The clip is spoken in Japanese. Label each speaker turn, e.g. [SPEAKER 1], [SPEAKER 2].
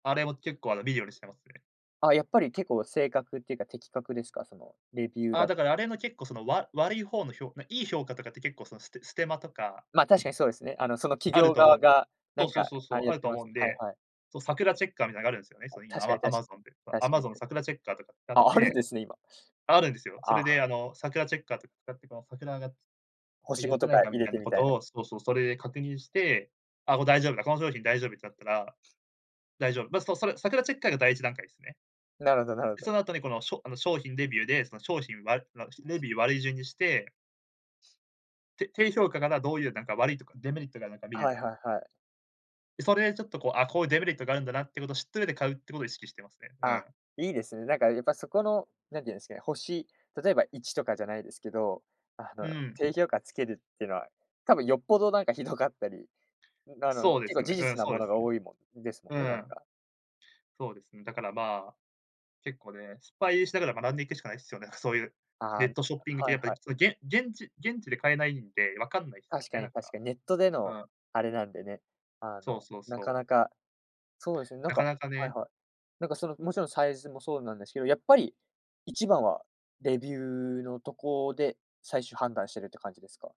[SPEAKER 1] あれも結構、あの、見るようにしてますね。
[SPEAKER 2] あ、やっぱり結構正確っていうか、的確ですか？そのレビュー
[SPEAKER 1] ああ、
[SPEAKER 2] だ
[SPEAKER 1] だからあれの結構その、わ悪い方の評価、いい評価とかって結構そのステステマとか
[SPEAKER 2] まあ、確かにそうですね。あの、その企
[SPEAKER 1] ある
[SPEAKER 2] 業
[SPEAKER 1] と思
[SPEAKER 2] 側
[SPEAKER 1] う
[SPEAKER 2] が、な
[SPEAKER 1] そ
[SPEAKER 2] ん
[SPEAKER 1] うそう
[SPEAKER 2] か、
[SPEAKER 1] そうそ
[SPEAKER 2] あれ
[SPEAKER 1] う、
[SPEAKER 2] や
[SPEAKER 1] あ
[SPEAKER 2] っ
[SPEAKER 1] る
[SPEAKER 2] て
[SPEAKER 1] と
[SPEAKER 2] ま
[SPEAKER 1] 思
[SPEAKER 2] す。
[SPEAKER 1] うん
[SPEAKER 2] はい
[SPEAKER 1] で、
[SPEAKER 2] はい。
[SPEAKER 1] そうサクラチェッカーみたいなのがあるんすよね。
[SPEAKER 2] はい、
[SPEAKER 1] そういうのあ
[SPEAKER 2] 確かにた
[SPEAKER 1] ま
[SPEAKER 2] し
[SPEAKER 1] Amazon で、
[SPEAKER 2] 確かに
[SPEAKER 1] Amazon
[SPEAKER 2] た
[SPEAKER 1] サクラチェッカーとか使っ
[SPEAKER 2] ああるん
[SPEAKER 1] て
[SPEAKER 2] ですね今。
[SPEAKER 1] あるんですよ。そ
[SPEAKER 2] あ
[SPEAKER 1] れ
[SPEAKER 2] あ。
[SPEAKER 1] であの、サクラチェッカーとか使ってこのサクラが、
[SPEAKER 2] ほし
[SPEAKER 1] 言っ
[SPEAKER 2] ご
[SPEAKER 1] て
[SPEAKER 2] と
[SPEAKER 1] な
[SPEAKER 2] か
[SPEAKER 1] いかみ
[SPEAKER 2] 入れ
[SPEAKER 1] たい
[SPEAKER 2] て、
[SPEAKER 1] な
[SPEAKER 2] み
[SPEAKER 1] こ
[SPEAKER 2] たいな。
[SPEAKER 1] とを、そうそう、それで確認して、あ、これ大丈夫だ、この商品大丈夫ってなったら、大丈夫、ま、そそれサクラチェッカーが第1段階ですね。
[SPEAKER 2] なるほどなるほ
[SPEAKER 1] そ
[SPEAKER 2] ど。
[SPEAKER 1] の後にこのしょあの商品レビューで、その商品悪いわ、レビュー悪い順にしてて低評価なら、どういうなんか悪いとか、デメリットがなんか見る。
[SPEAKER 2] はいはいはい。
[SPEAKER 1] それでちょっとこう、あ、こういうデメリットがあるんだなってことを知ってる上で買うってことを意識してますね。う
[SPEAKER 2] あ
[SPEAKER 1] ん。
[SPEAKER 2] あ、いいですね。なんかやっぱそこの、なんて言うんですかね、星、例えば1とかじゃないですけど、あ
[SPEAKER 1] う
[SPEAKER 2] の、
[SPEAKER 1] ーん。
[SPEAKER 2] 低評価つけるってのは、多分よっぽどなんかひどかったり、うん、あの、
[SPEAKER 1] そうで
[SPEAKER 2] 結
[SPEAKER 1] す
[SPEAKER 2] 構
[SPEAKER 1] よね。
[SPEAKER 2] 事
[SPEAKER 1] うん
[SPEAKER 2] 実な
[SPEAKER 1] そう
[SPEAKER 2] も
[SPEAKER 1] で
[SPEAKER 2] の
[SPEAKER 1] す
[SPEAKER 2] が
[SPEAKER 1] ね。
[SPEAKER 2] 多いもんですもん
[SPEAKER 1] う
[SPEAKER 2] ね、なん
[SPEAKER 1] ん。
[SPEAKER 2] か。
[SPEAKER 1] そうですね。だから、まあ、結構ね、失敗しながら学んでいくしかないんですよね。そういう
[SPEAKER 2] あ
[SPEAKER 1] ネ
[SPEAKER 2] あ
[SPEAKER 1] ットショッピング系
[SPEAKER 2] はい
[SPEAKER 1] やっぱ
[SPEAKER 2] は
[SPEAKER 1] り、
[SPEAKER 2] い。
[SPEAKER 1] げん現地現地で買えないんで、わかんないですよ
[SPEAKER 2] 確か
[SPEAKER 1] ね、な
[SPEAKER 2] に
[SPEAKER 1] ん
[SPEAKER 2] 確
[SPEAKER 1] か、
[SPEAKER 2] かに。ネットで
[SPEAKER 1] う
[SPEAKER 2] の
[SPEAKER 1] ん。
[SPEAKER 2] あれなんでね、あ
[SPEAKER 1] そう
[SPEAKER 2] の、
[SPEAKER 1] そう
[SPEAKER 2] な
[SPEAKER 1] そ
[SPEAKER 2] か
[SPEAKER 1] う。
[SPEAKER 2] なか、そうですね。なん
[SPEAKER 1] なか
[SPEAKER 2] か
[SPEAKER 1] なか
[SPEAKER 2] はい
[SPEAKER 1] ね。
[SPEAKER 2] はい、なんかそのもちろんサイズもそうなんですけど、やっぱり一番はレビューのとこで最終判断しているって感じですか？